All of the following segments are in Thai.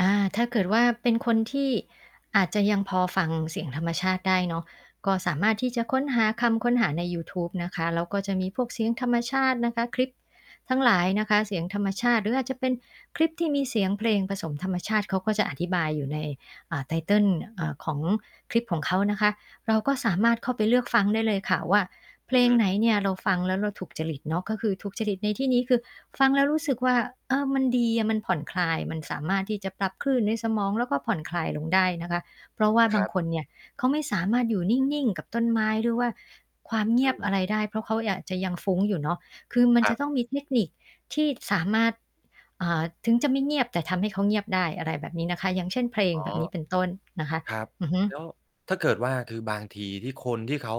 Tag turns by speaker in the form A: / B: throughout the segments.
A: อา ถ้าเกิดว่าเป็นคนที่อาจจะยังพอฟังเสียงธรรมชาติได้เนาะ ก็สามารถที่จะค้นหาคำค้นหาในยูทูบนะคะ แล้วก็จะมีพวกเสียงธรรมชาตินะคะ คลิป ทั้งหลายนะคะ เสียงธรรมชาติ หรืออาจจะเป็นคลิปที่มีเสียงเพลงผสมธรรมชาติ เขาก็จะอธิบายอยู่ใน อ่า ไทเทิล อ่า ของคลิปของเขานะคะ เราก็สามารถเข้าไปเลือกฟังได้เลยค่ะว่า เ
B: อ
A: พ
B: ือ
A: ล
B: ฮ
A: ง
B: ึ
A: ไหนเนี่ย เราฟังแล้วเราถูกจริตเนาะ ก็คือถูกจริตในที่นี้คือฟังแล้วรู้สึกว่า เออ มันดีอะ มันผ่อนคลาย มันสามารถที่จะปรับคลื่นในสมอง แล้วก็ผ่อนคลายลงได้นะคะ เพราะว่า
B: อา
A: บ
B: คร
A: าง
B: ับ
A: คนเนี่ย เขาไม่สามารถอยู่นิ่ง ๆ กับต้นไม้ หรือว่าความเง
B: อ
A: ี
B: ื
A: ยบอะ
B: ม
A: ไรได้ เพราะเขาอาจจะยังฟุ้งอยู่เนาะ คือมัน
B: ค
A: จ
B: ร
A: ะ
B: ับ
A: ต้องมีเทคนิคที่สามารถ อ่า ถึงจะไม่เงียบ แต่ทำให้เขาเงียบได้ อะไรแบบนี้นะคะ อย่างเช่น เพลง
B: อ๋อ
A: แบบนี้เป็นต้นนะคะ
B: ครับ
A: อือฮึ
B: แล้ว ถ้าเกิดว่า คือบางทีที่คนที่เขา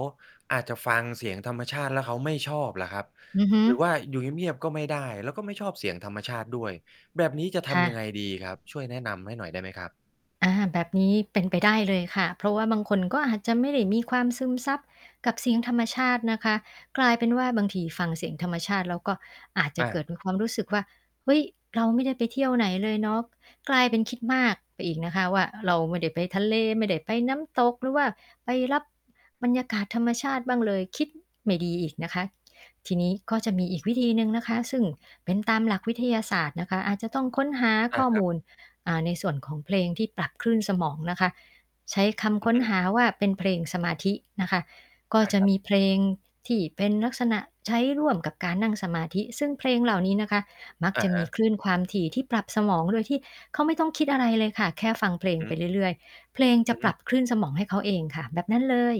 B: อาจจะฟังเสียงธรรมชาติ แล้วเขาไม่ชอบล่ะครับ?
A: อือฮึ
B: หรือว่าอยู่เงียบ ๆ ก็ไม่ได้ แล้วก็ไม่ชอบเสียงธรรมชาติด้วย แบบนี้จะท
A: ค่ะ
B: ำยังไงดีครับ ช่วยแนะนำให้หน่อยได้ไหมครับ?
A: อา แบบนี้เป็นไปได้เลยค่ะ เพราะว่าบางคน ก็อาจจะไม่ได้มีความซึมซับกับเสียงธรรมชาตินะคะ กลายเป็นว่า บางทีฟังเสียงธรรมชาติ แล้วก็อาจจะ
B: อ
A: เกิ
B: า
A: ดเป็นความรู้สึกว่า "เฮ้ย เราไม่ได้ไปเที่ยวไหนเลยเนาะ" กลายเป็นคิดมากไปอีกนะคะว่า "เราไม่ได้ไปทะเล ไม่ได้ไปน้ำตก หรือว่าไปรับบรรยากาศธรรมชาติบ้างเลย" คิดไม่ดีอีกนะคะ ทีนี้ก็จะมีอีกวิธีหนึ่งนะคะ ซึ่งเป็นตามหลักวิทยาศาสตร์นะคะ อาจจะต้องค้นหา
B: อ
A: ข
B: า
A: ้อ
B: คร
A: ม
B: ับ
A: ูล อ่า ในส่วนของเพลงที่ปรับคลื่นสมองนะคะ ใช้ค
B: อ
A: ำค
B: ือ
A: ้น
B: ฮ
A: ห
B: ึ
A: าว่า เป็นเพลงสมาธินะคะ ก็
B: อา
A: จะ
B: ครับ
A: มีเพลงที่เป็นลักษณะใช้ร่วมกับการนั่งสมาธิ ซึ่งเพลงเหล่านี้นะคะ มัก
B: อะ
A: จะ
B: ฮ
A: มี
B: ะ
A: คลื่นความถี่ที่ปรับสมอง โดยที่เขาไม่ต้องคิดอะไรเลยค่ะ แค่ฟังเพลง
B: ฮ
A: ไป
B: ึ
A: เรื่อย ๆ เพลงจ
B: อ
A: ะปรั
B: ือ
A: บคลื่นสมองให้เขาเองค่ะ แบบนั้นเลย